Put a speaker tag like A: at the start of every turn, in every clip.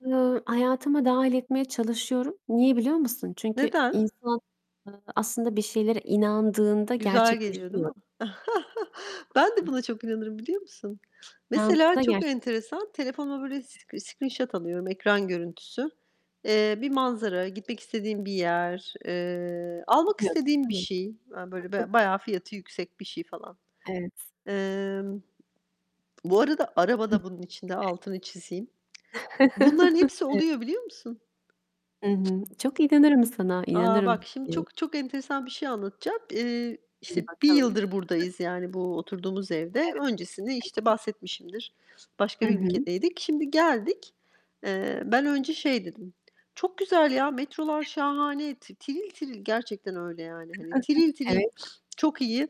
A: Iıı, hayatıma dâhil etmeye çalışıyorum. Niye biliyor musun? Çünkü
B: Neden?
A: insan ııı aslında bir şeylere inandığında
B: Güzel geliyor değil
A: gerçekleşiyor.
B: mi? Ben de buna çok inanırım biliyor musun? Mesela
A: İnandığında
B: çok
A: gerçek
B: enteresan, telefonuma böyle sc screenshot alıyorum, ekran görüntüsü. Eee, bir manzara, gitmek istediğim bir yer, eee,
A: [unintelligible]
B: almak
A: Hı
B: istediğim bir şey, hani, böyle
A: hı.
B: ba bayağı fiyatı yüksek bir şey, falan.
A: Evet.
B: Emm, bu arada araba
A: Hı,
B: da bunun içinde,
A: e
B: altını çizeyim. Bunların hepsi
A: Evet.
B: oluyor biliyor musun?
A: Hı hı, çok inanırım sana,
B: A, bak
A: inanırım.
B: şimdi
A: [unintelligible]
B: çok çok enteresan bir şey anlatacağım. Iıı,
A: Hadi
B: işte 1
A: bakalım.
B: yıldır buradayız, yani, bu oturduğumuz evde.
A: Evet.
B: Öncesini, işte,
A: [unintelligible]
B: bahsetmişimdir,
A: Hı
B: başka bir
A: hı.
B: ülkedeydik. Şimdi geldik. Eee, ben önce şey dedim, çok güzel ya, metrolar şahane, ti tiril tiril, gerçekten öyle yani, hani, tiril tiril,
A: Evet.
B: çok iyi,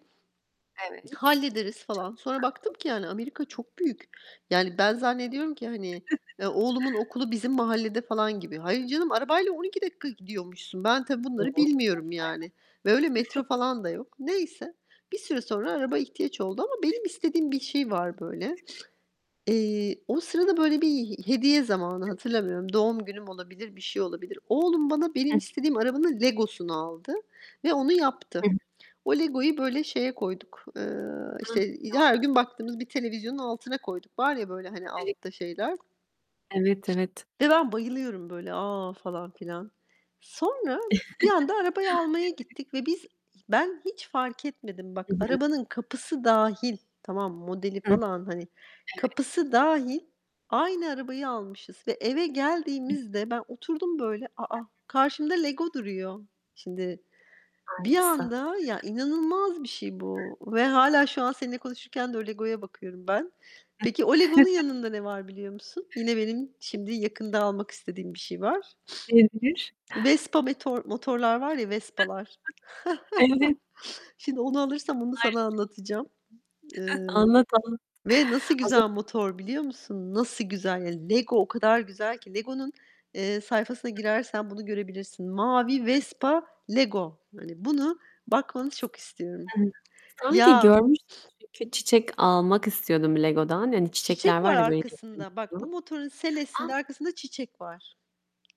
A: Evet.
B: hallederiz
A: Çok
B: falan. Sonra baktım ki yani, Amerika
A: güzel.
B: çok büyük. Yani, ben zannediyorum ki hani, e, oğlumun okulu bizim mahallede falan gibi. Hayır, canım arabayla 12 dakika gidiyormuşsun. Ben tabii
A: Doğrudur,
B: bunları
A: hayat.
B: bilmiyorum, yani, ve öyle metro falan da yok. Neyse, bir süre sonra araba ihtiyaç oldu ama benim istediğim bir şey var böyle. Eee, o sırada böyle bir he hediye zamanı
A: Evet.
B: hatırlamıyorum. Doğum günüm olabilir, bir şey olabilir. Oğlum bana
A: Hı
B: benim
A: hı.
B: istediğim arabanın Lego'sunu aldı ve onu yaptı.
A: Hı hı.
B: O Lego'yu böyle şeye koyduk, eee, işte, he her gün baktığımız bir televizyonun altına
A: [unintelligible]
B: koyduk. Var ya böyle, hani,
A: [unintelligible]
B: altta şeyler
A: Evet, evet.
B: ve ben bayılıyorum böyle a, falan filan. Sonra bir anda arabayı almaya
A: Evet.
B: gittik ve biz ben hiç fark etmedim.
A: Hı
B: Bak
A: hı.
B: arabanın kapısı dâhil, tamam modeli
A: Hı.
B: falan, hani,
A: Evet.
B: kapısı dâhil aynı arabayı almışız ve eve
A: [unintelligible]
B: geldiğimizde ben oturdum böyle, a, a,
A: [unintelligible]
B: karşımda Lego duruyor. Şimdi bir
A: Aynısı.
B: anda, ya, inanılmaz bir şey bu ve hâlâ şu an seninle konuşurken de o Lego'ya bakıyorum ben.
A: Hıh.
B: Peki o Lego'nun yanında ne var biliyor musun? Yine benim şimdi yakında almak istediğim bir şey var.
A: Olabilir.
B: Vespa metor motorlar var ya Vespa'lar.
A: Evet.
B: Şimdi onu alırsam onu sana
A: Harika!
B: anlatacağım, eee,
A: Anlat anlat.
B: ve nasıl
A: Az ön
B: güzel motor biliyor musun? Nasıl güzel. Lego o kadar güzel ki. Lego'nun, eee, sayfasına girersen bunu görebilirsin. Mavi,
A: [unintelligible]
B: Vespa, Lego. Hani, bunu bakmanı çok istiyorum.
A: [unintelligible] Sanki
B: Ya!
A: görmüştüm çünkü çiçek almak istiyordum Lego'dan. Hani, çiçekler
B: Çiçek
A: var
B: var
A: ya böyle.
B: arkasında. Bak bu
A: [unintelligible]
B: motorun
A: A
B: selesinde arkasında çiçek var.